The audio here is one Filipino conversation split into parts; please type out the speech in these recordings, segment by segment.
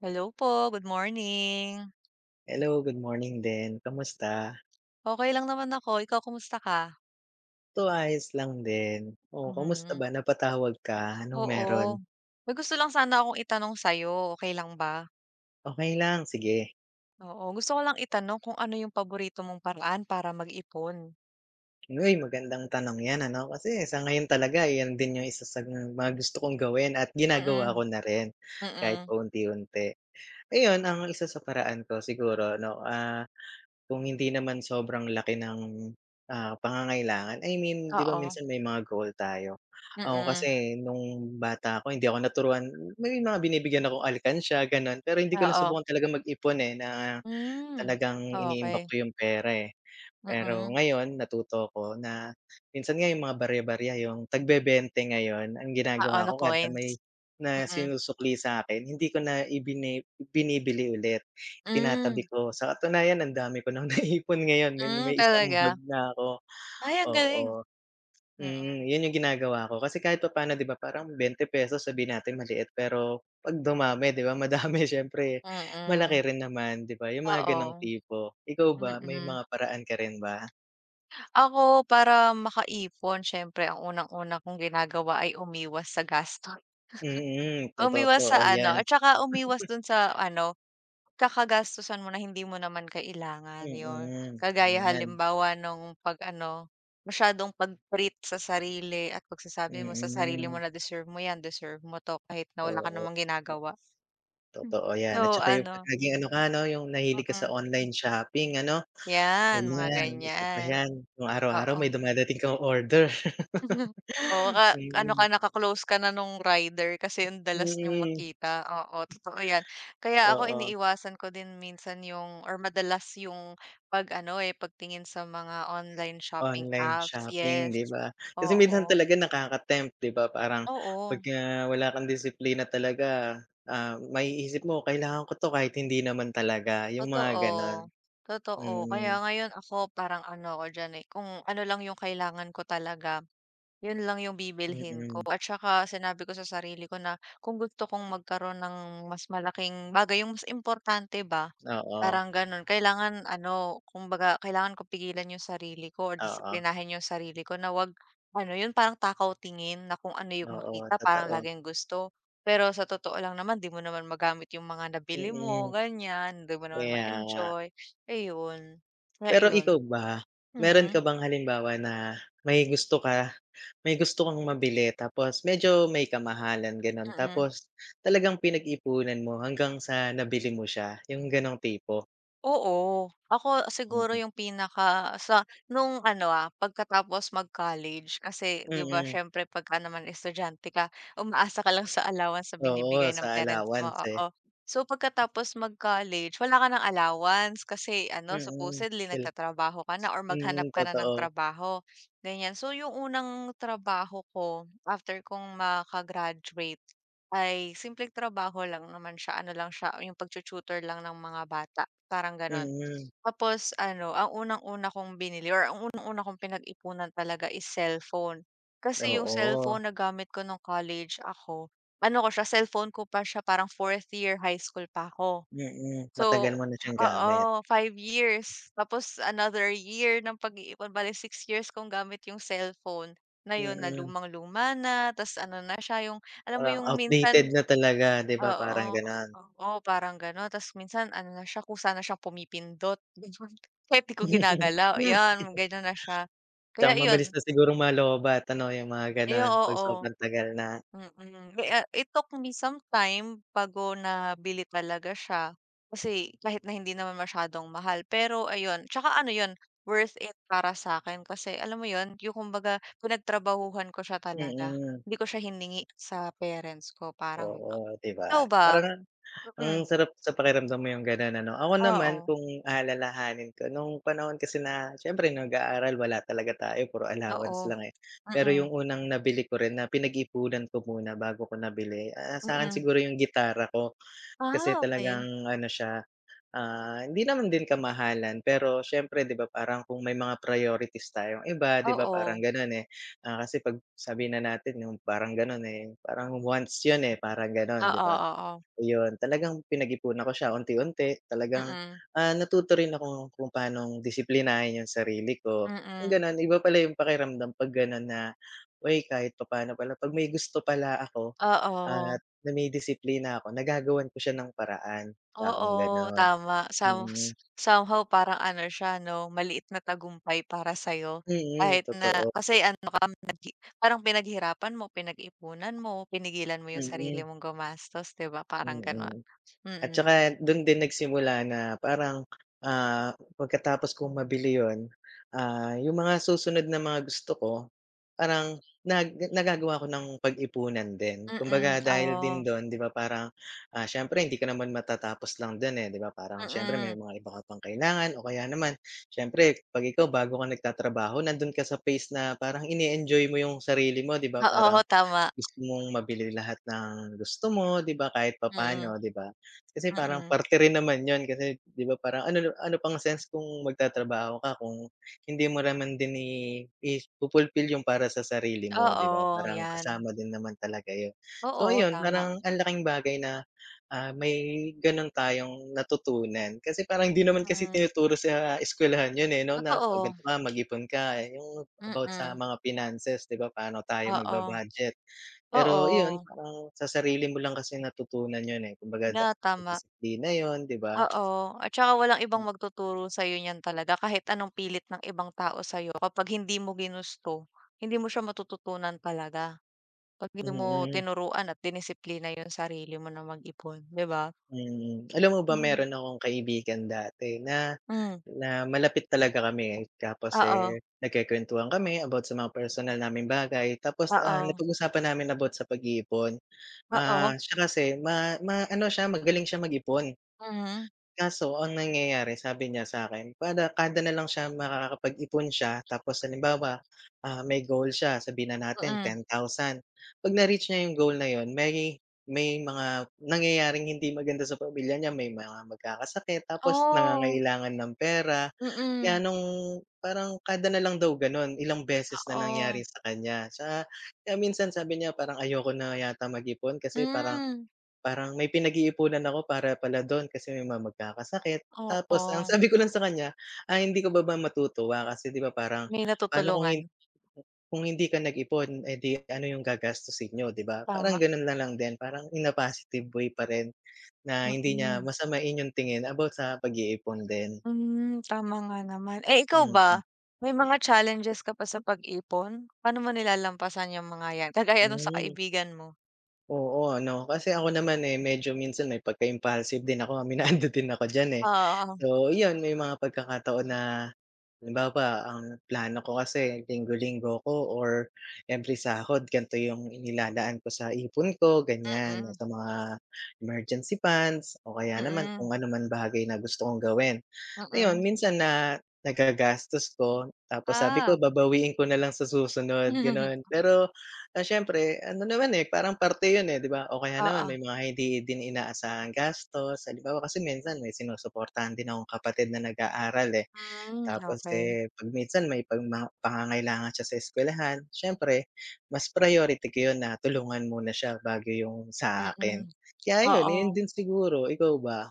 Hello po, good morning. Hello, good morning din. Kamusta? Okey lang naman ako. Ikaw, kumusta ka? Ito ayos lang din. Oh, kamusta Mhm. ba? Napatawag ka, anong meron? Oo, may gusto lang sana akong itanong sa'yo, okey lang ba? Okey lang, sige. Oo, gusto ko lang itanong kung ano yung paborito mong paraan para mag-ipon? Hoy, magandang tanong 'yan ano, kasi sa ngayon talaga 'yan din yung isa sa mga gusto kong gawin at ginagawa Mm. ko na rin kahit Mm. paunti-unti. Ayun, ang isa sa paraan ko siguro ano, ah, kung hindi naman sobrang laki ng, ah, pangangailangan, I mean 'di ba Oo. minsan may mga goal tayo. Ako Mm. kasi nung bata ako hindi ako naturuan may mga binibigyan akong alikansya, gano'n. Pero hindi ko Oo. nasubukan talagang mag-ipon eh, na Hmm. talagang iniimbak ko Okey. yung pera, eh. Pero Mm. ngayon natuto ako na minsan nga yung mga barya-barya yung tagbebente ngayon, ang Oo, ginagawa na ko kada may coins? na Mm. sinusukli sa'kin hindi ko na ibini binibili ulit, Hmm. itinatabi ko. Sa katunayan ang dami ko ng naipon ngayon, may Hmm, may isang talaga? bag na ako, Ay, ang oo. galing. Mm, Mm. yun yung ginagawa ko kasi kahit papaano, 'di ba, parang ₱20 sabihin natin maliit pero 'pag dumami, 'di ba, madami, siyempre Mm. malaki rin naman, 'di ba, yung mga gano'ng Oo. tipo. Ikaw ba may Mm. mga paraan ka rin ba? Ako, para makaipon siyempre ang unang-una kong ginagawa ay umiwas sa gastos. Mm. Totoo po, Umiwas sa oh 'yan. ano, at saka umiwas dun sa ano, kakagastusan mo na hindi mo naman kailangan, yun, Mm kagaya 'yan. halimbawa nung 'pag ano, masyadong pag-treat sa sarili at pagsasabi mo sa sarili mo Mm. na deserve mo 'yan, deserve mo 'to, kahit na wala ka Oo namang nga. ginagawa. Totoo Hmm, 'yan, so, at saka yung 'pag ano naging ano ka, ano, yung nahilig ka sa Mm. online shopping, ano? 'Yan, Ano mga 'yan, isa pa ganiyan. yan, kung araw-araw may Oo. dumadating kang order. Oo nga, ano ka, Mm. naka-close ka na nung rider kasi ang dalas niyong Mm. makita, oo, totoo 'yan. Kaya ako Oo. iniiwasan ko din minsan yung or madalas yung pag ano eh, pagtingin sa mga online shopping Online apps. shopping, Yes, 'di ba? Kasi minsan oo. talaga nakaka-attempt, 'di ba, parang Oo. pagka wala kang disiplina talaga, ah, maiisip mo kailangan ko 'to kahit hindi naman talaga, yung mga gano'n. Totoo, totoo. Kaya Mm. ngayon ako parang ano ako diyan, eh, kung ano lang yung kailangan ko talaga, yun lang yung bibilhin ko Mm. at saka sinabi ko sa sarili ko na kung gusto kong magkaroon ng mas malaking bagay, yung mas importante ba, Oo. parang gano'n, kailangan ano, kumbaga kailangan ko pigilan yung sarili ko or Oo. disiplinahin yung sarili ko na 'wag, ano yun, parang takaw tingin na kung ano yung Oo, makita, parang totoo. laging gusto. Pero sa totoo lang naman 'di mo naman magamit yung mga nabili mo, Mm. ganiyan, hindi mo naman Kaya nga. ma-enjoy, ayun, nga Pero iyon. ikaw ba? Meron ka Mm. bang halimbawa na may gusto ka may gusto kang mabili tapos medyo may kamahalan, gano'n, Mm. tapos talagang pinag-ipunan mo hanggang sa nabili mo siya, yung gano'ng tipo? Oo, ako siguro Mm. yung pinaka sa nung ano, ah, pagkatapos mag-college. Kasi ‘di ba, Mm. siyempre pagka naman estudyante ka, umaasa ka lang sa allowance sa Oo, binibigay sa ng parents mo, allowance, eh. oo. So, pagkatapos mag-college wala ka ng allowance kasi ano, Mm, supposedly kil nagtatrabaho ka na or maghanap mm, ka na ng totoo. trabaho, ganiyan. So, yung unang trabaho ko after kong maka-graduate, ay simpleng trabaho lang naman siya, ano lang siya, yung pagtu-tutor lang ng mga bata, parang gano'n. Mm. Tapos ano, ang unang-una kong binili or ang unang-una kong pinag-ipunan talaga is cellphone. Kasi yung Oo. cellphone na gamit ko nung college ako, ano ko siya, cellphone ko pa siya parang 4th year highschool pa ‘ko. Mm, matagal So, mo na siyang oo, gamit? 5 years, tapos another year ng pag-iipon, bale 6 years kong gamit yung cellphone na yun na Mm. lumang luma na, ta's ano na siya, yung alam mo Ah, yung outdated minsan na talaga, ‘di ba, parang oo, gano'n? oo, parang gano'n, ta's minsan ano na siya, kusa na siya pumipindot, ganun, kahit ‘di ko ginagalaw. 'Yan, gano'n na siya. Tsaka Kaya mabilis iyon. na sigurong ma-lowbatt ano, yung mga Ay, ganun, 'pag oo, sobrang tagal na. mm. Mi a it took me some time bago nabili talaga siya. Kasi kahit na hindi naman masyadong mahal pero, ayun, tsaka ano yun, worth it para sa'kin kasi, alam mo yun, yung kumbaga pinagtrabahuhan ko siya talaga. Mm. Hindi ko siya hiningi sa parents ko, parang Oo, ‘di ba, ikaw ba? parang ang Mm. sarap sa pakiramdam mo yung gano'n, ano? Ako naman Oo. kung aalalahanin ko, nung panahon kasi na siyempre nag-aaral, wala talaga tayo puro allowance Oo, lang, eh. Pero mm. yung unang nabili ko rin na pinag-iipunan ko muna bago ko nabili, ah, sa'kin Mm. siguro yung gitara ko kasi Ah, okey. talagang ano siya, ah, hindi naman din kamahalan pero siyempre ‘di ba, parang kung may mga priorities tayong iba, ‘di ba, parang Oo. ganun, eh, ah, kasi 'pag sabihin na natin yung parang gano'n eh, parang once yun, eh, parang gano'n, ‘di Oo, ba? oo. Ayun, talagang pinag-ipunan ko siya unti-unti, talagang, Mm. ah, natuto rin akong kung paanong disiplinahin yung sarili ko. Kung Mm. ganun, iba pala yung pakiramdam 'pag gano'n na, "Uy, kahit papaano pala 'pag may gusto pala ako Oo. at nadidisiplina ako, nagagawan ko siya ng paraan." Kakong Oo, gano'n. tama. Some Mm. somehow parang ano siya, 'no, maliit na tagumpay para sa'yo Mm, kahit na totoo. kasi ano ka, naghi parang pinaghirapan mo, pinag-ipunan mo, pinigilan mo yung sarili Mm. mong gumastos, ‘di ba, parang gano'n, Mm, at mm. tsaka dun din nagsimula na parang, ah, pagkatapos kong mabili yun, ah, yung mga susunod na mga gusto ko, parang nag [unintelligible] nagagawa ko nang pag-ipunan din, kumbaga Mm, dahil din oo. dun, ‘di ba, parang, ah, siyempre hindi ka naman matatapos lang dun eh, ‘di ba, parang siyempre may Mm. mga iba ka pang kailangan o kaya naman siyempre 'pag ikaw bago ka nagtatrabaho, nandun ka sa phase na parang ine-enjoy mo yung sarili mo, ‘di ba, Oo, parang tama. gusto mong mabili lahat ng gusto mo, ‘di ba, kahit Mm. papaano, ‘di ba? Kasi parang Mm. parte rin naman yun kasi, ‘di ba, ano ano pang sense kung magtatrabaho ka kung hindi mo naman din i ifu-fulfill yung para sa sarili mo, ‘di ba, Oo, parang 'yan. kasama din naman talaga yun. So, Oo, ayun, tama. parang ang laking bagay na, ah, may ganun tayong natutunan kasi parang hindi naman kasi Mm. tinuturo sa eskuwelahan yun, eh, 'no na, “Oh, Totoo. gan’to ka, mag-ipon ka.” Eh, yung about sa Mm. mga finances, ‘di ba? Paano tayo Oo. magba-budget? Pero, iyon, Oo. parang sa sarili mo lang kasi natutunan yun, eh, kumbaga da Na nasa tama. disiplina yun, ‘di ba? Oo, at tsaka walang ibang Hmm. magtuturo sa'yo niyan talaga. Kahit anong pilit ng ibang tao sa'yo kapag hindi mo ginusto, hindi mo siya matututunan talaga. 'Pag hindi mo Mm. tinuruan at dinisiplina yung sarili mo na mag-ipon, ‘di ba? Mm, alam mo ba, Mm. meron akong kaibigan dati na Hmm. na malapit talaga kami. Tapos, Oo. eh, nagkwekwentuhan kami about sa mga personal naming bagay tapos, ah, Oo. napag-usapan namin about sa pag-iipon. Ah, Oo. siya kasi ma maano siya, magaling siya mag-ipon. Mhm. Kaso ang nangyayari sabi niya sa akin, kada kada nalang siya makakapag-ipon siya, tapos halimbawa, ah, may goal siya, sabihin na natin Mm. 10,000, 'pag na-reach niya yung goal na yun, may may mga nangyayaring hindi maganda sa pamilya niya, may mga magkakasakit tapos Oh. nangangailangan ng pera, Mm. gano'ng parang kada nalang daw ganun, ilang beses na nangyari Oo. sa kaniya sa kaya minsan sabi niya parang ayoko na yata mag-ipon kasi parang Hmm. parang may pinag-iipunan ako para pala dun kasi may mga magkakasakit. Tapos ang Oo. sabi ko lang sa kaniya, "Ay, hindi ka ba ba matutuwa kasi, ‘di ba, parang May paano kung natutulungan. hin kung hindi ka nag-ipon, eh di ano yung gagastusin niyo?" ‘Di ba? Parang Tama. ganun nalang din, parang in positive way pa rin na hindi niya Mm. masamain yung tingin about sa pag-iipon din. Hmm, tama nga naman. Eh, ikaw Mm. ba, may mga challenges ka ba sa pag-ipon? Paano mo nilalampasan yung mga 'yan, kagaya nung sa Hmm. kaibigan mo? Oo, ano, kasi ako naman, eh, medyo minsan may pagka-impulsive din ako, aminado din ako diyan, eh. Oo. So, 'yon may mga pagkakataon na halimbawa, ang plano ko kasi linggo-linggo ko or every sahod gan'to 'yong inilalaan ko sa ipon ko, gan'yan. Oh, Mm. sa mga emergency funds, o kaya naman kung Mm. ano man bagay na gusto kong gawin. Ayun, Mm. minsan na nagagastos ko tapos sabi ko Ah. babawiin ko na lang sa susunod, Hmm. Hmm. gano'n. Pero, ah, siyempre ano naman, eh, parang parte yun, eh, 'di ba? O kaya naman Oo. may mga hindi din inaasahang gastos. Halimbawa, kasi minsan may sinusuportahan din akong kapatid na nag-aaral, eh. Hmm, Tapos, okey. eh, 'pag minsan may pagma pangangailangan siya sa eskwelahan, s'yempre mas priority ko yun na tulungan muna siya bago yung sa akin. Mm, Kaya yun, oo. ayon din siguro. Ikaw ba?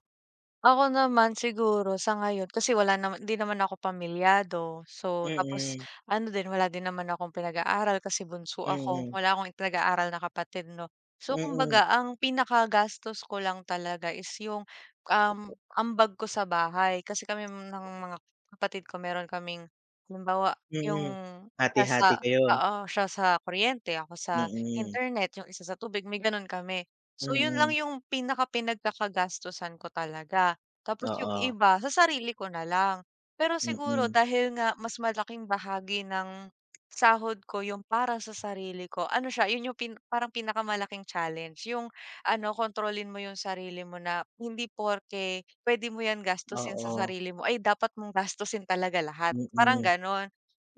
Ako naman siguro sa ngayon kasi wala naman, 'di naman ako pamilyado. So, tapos Mm. ano din wala din naman akong pinag-aaral kasi bunso ako. Mm. Wala akong pinag-aaral na kapatid, 'no? So, Mm. kumbaga ang pinakagastos ko lang talaga is 'yong, um, ambag ko sa bahay. Kasi kami ng mga kapatid ko meron kaming, halimbawa, Mm. 'yong Hati-hati pasa kayo. oo, siya sa kuryente, ako sa Mm. internet, yung isa sa tubig may ganun kami. So, yun lang Mm. yung pinaka pinagkakagastusan ko talaga. Tapos yung Oo. iba sa sarili ko na lang. Pero siguro Mm. dahil nga mas malaking bahagi ng sahod ko yung para sa sarili ko ano siya, yun yung pin parang pinakamalaking challenge. Yung ano kontrolin mo yung sarili mo na hindi porke pwede mo 'yan gastusin sa Oo. sarili mo ay dapat mong gastusin talaga lahat, parang Mm. ganon.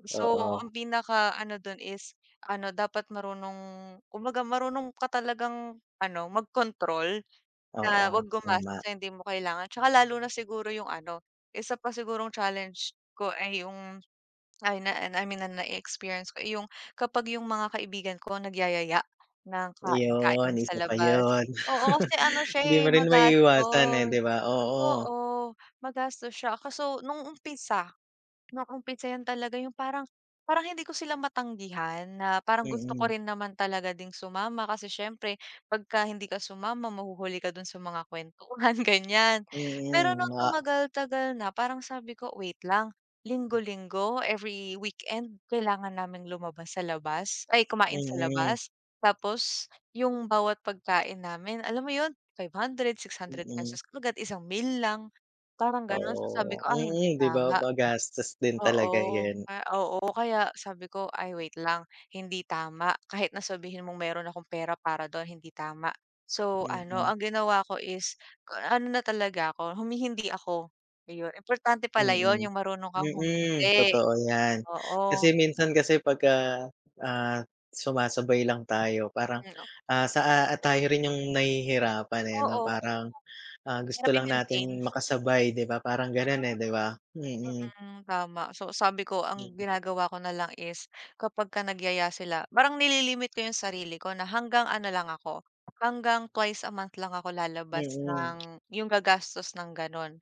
So, Oo. ang pinaka-ano dun is ano dapat marunong kumbaga, marunong ka talagang ano magkontrol na Oo, huwag gumastos tama. sa hindi mo kailangan. Tsaka, lalo na siguro yung ano isa pa sigurong challenge ko ay yung ay na, ah, na I mean na nae-experience ko, eh, yung kapag yung mga kaibigan ko nagyayaya ng Yun, kain-kain sa isa pa labas. yun. Oo, kasi ano siya, Hindi eh, mo rin maiiwasan, eh, magastos. 'di ba? Oo. Oo, magastos siya kaso nung umpisa. Nung umpisa 'yan talaga yung parang parang hindi ko sila matanggihan na parang gusto ko Mm. rin naman talaga ding sumama kasi siyempre pagka hindi ka sumama mahuhuli ka dun sa mga kuwentuhan, gan'yan. Pero Mm, nung ma tumagal-tagal na parang sabi ko, wait lang linggo-linggo, every weekend kailangan naming lumabas sa labas, ay kumain sa Mm. labas. Tapos yung bawat pagkain namin alam mo 'yon 500, 600 Mm. pesos kagad isang meal lang parang gano'n. So, sabi Oo. ko, "Ay, hindi Mm, 'di ba? tama." Magastos din talaga Oo 'yan. nga oo kaya sabi ko, "Ay, wait lang. Hindi tama." Kahit na sabihin mong meron akong pera para do'n hindi tama. So, ano Mm. ang ginawa ko is k ano na talaga ako humi-hindi ako, iyon importante pala 'yon Mm. yung marunong kang Mm. humindi. Totoo 'yan. Oo. Kasi minsan kasi 'pagka, ah, sumasabay lang tayo parang, Hmm, 'no? ah, sa, ah, ah, tayo rin yung nahihirapan, eh, 'no? Oo. Parang, ah, gusto mahirap lang i-maintain. natin makasabay, 'di ba, parang Meron ganun, eh, 'di naman. ba? Mm. Mm. Tama so, sabi ko ang Mm. ginagawa ko na lang is kapagka nagyaya sila parang nililimit ko yung sarili ko na hanggang ano lang ako, hanggang twice a month lang ako lalabas Mm. ng 'yong gagastos ng ganun.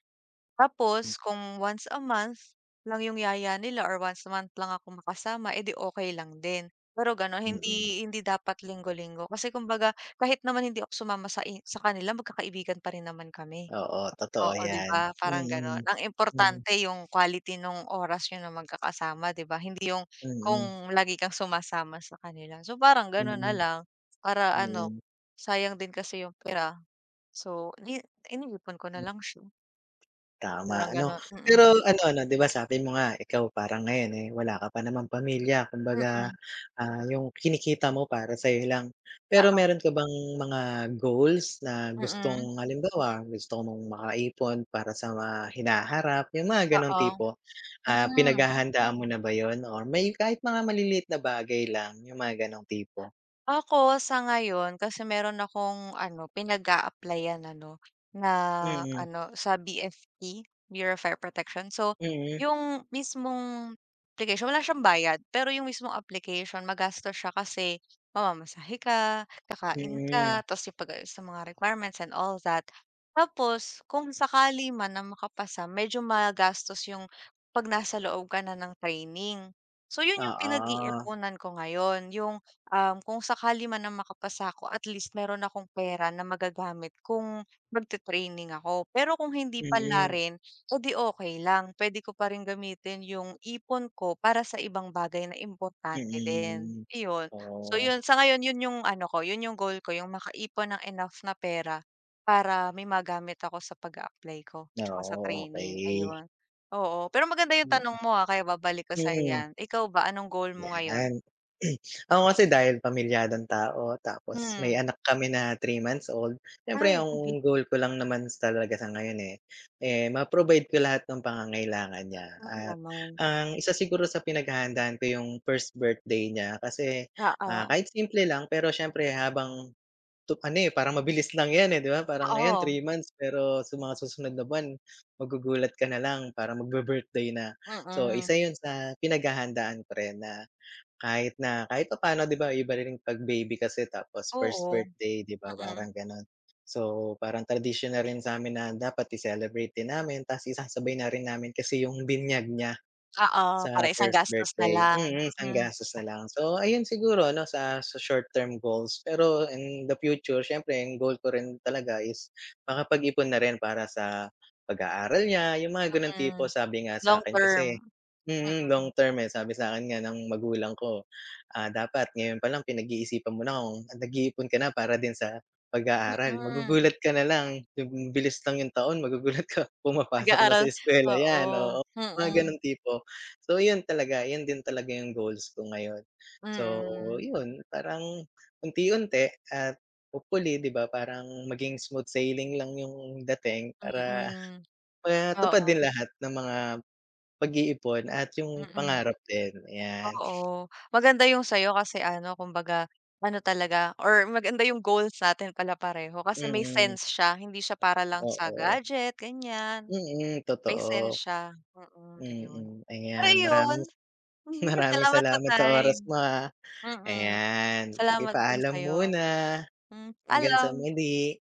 Hmm. Tapos kung once a month lang 'yong yaya nila or once a month lang ako makasama, eh 'di, okey lang din. Pero gano'n Mm. hindi hindi dapat linggo-linggo kasi kumbaga kahit naman hindi ako sumama sa i sa kanila magkakaibigan pa rin naman kami. Oo, totoo Oo, 'di 'yan. ba? Parang gano'n. Mm. Ang Mm. importante yung quality nung oras niyo na magkakasama, 'di ba? Hindi yung Mm. kung lagi kang sumasama sa kanila. So, parang gano'n na Mm. lang. Para ano Mm. sayang din kasi 'yong pera. So, li ini-ipon ko na Hmm. lang siya. Tama, Parang ano? gano'n. Mm. Pero, ano ano, 'di ba, sabi mo nga ikaw parang ngayon, eh, wala ka pa namang pamilya. Kumbaga, Mm. ah, yung kinikita mo para sa'yo lang. Pero Oo. meron ka bang mga goals na Mm. gustong halimbawa, gusto mong maka-ipon para sa mga hinaharap yung mga ganong Oo. tipo. Ah, Hmm. pinaghahandaan mo na ba yun or may kahit mga maliliit na bagay lang yung mga gano'ng tipo. Ako sa ngayon kasi meron akong ano pinag-applyan ano nga Mm. ano sa BFP Bureau of Fire Protection. So, Mm. yung mismong application wala siyang bayad. Pero yung mismong application magastos siya kasi mamamasahe ka, kakain Mm. ka. Tas 'yong pag-aayos sa mga requirements and all that. Tapos kung sakali man na makapasa medyo magastos 'yong 'pag nasa loob ka na ng training. So, yun yung Oo. pinag-iipunan ko ngayon yung ang kung sakali man na makapasa ako at least meron akong pera na magagamit kung magti-training ako. Pero kung hindi Mm. palarin oh, 'di okey lang, puwede ko pa rin gamitin 'yong ipon ko para sa ibang bagay na importante din. Mm. Iyon, so, Oo. 'yon, sa ngayon 'yon 'yong ano ko 'yon 'yong goal ko 'yong makaipon ng enough na pera para may magamit ako sa pag-a-apply ko 'tsaka sa Oo, training, okey. ayon. Oo, pero maganda 'yong Mm. tanong mo ha, kaya babalik ko sa'yo Mm. 'yan. Ikaw ba anong goal mo ngayon? Yan. Ako kasi dahil pamilyadong tao tapos may Hmm. anak kami na 3 months old. Siyempre, Ayoko be. ang goal ko lang naman talaga sa ngayon, eh, eh ma-provide ko lahat ng pangangailangan niya. Mm, At naman. ang isa siguro sa pinaghahandaan ko yung first birthday niya. Kasi, ah, Oo. kahit simple lang pero siyempre habang tup ano, eh, parang mabilis lang yan, eh, 'di ba? Parang ngayon Oo. 3 months pero sa mga susunod na buwan magugulat ka na lang parang magbi-birthday na. So, isa Mm. yun sa pinaghahandaan ko rin na kahit na kahit papaano, 'di ba, iba rin 'pag baby kasi tapos, first Oo. birthday, 'di ba, Mm. parang gano'n. So, parang tradisyonal rin sa'min na dapat i-celebrate din namin tas isasabay na rin namin kasi yung binyag niya Oo, sa para isang first gastos na birthday. lang. Mm, isang Mm. gastos na lang. So, ayun siguro ano sa short term goals. Pero in the future, siyempre, ang goal ko rin talaga is makapag-ipon na rin para sa pag-aaral niya yung mga ganong tipo. Mm, Sabi nga long sa'kin kasi term. mm, long Mm. term, eh. Sabi sa'kin nga ng magulang ko, ah, dapat ngayon pa lang pinag-iisipan mo na kung nag nag-iipon ka na para din sa pag-aaral. Mm. Magugulat ka na lang bib hmm, bilis lang yung taon magugulat ka pumapasok na Nag-aaral, sa eskuwela yan, oo. oo, mga Hmm. ganong tipo. So, yun talaga yun din talaga yung goals ko ngayon. So, Mm. yun parang unti-unti at hopefully, di ba, parang maging smooth sailing lang yung dating para Mm. paya tupad Oo. din lahat ng mga pag-iipon at yung Mm. pangarap din, ayan. Oo, maganda yung sa'yo. Kasi ano kumbaga ano talaga or maganda yung goals natin pala pareho. Kasi may Mm. sense siya, hindi siya para lang sa Oo. gadget, gan'yan. Mm. May Totoo. sense siya, mm, ayun. Mm. Pero Ayan, ayun, maraming mm, maraming salamat sa salamat sa oras time. mo, ah. Mm. Ayan, sige, Salamat din paalam sa'yo. muna. Hmm, Hanggang sa paalam. muli.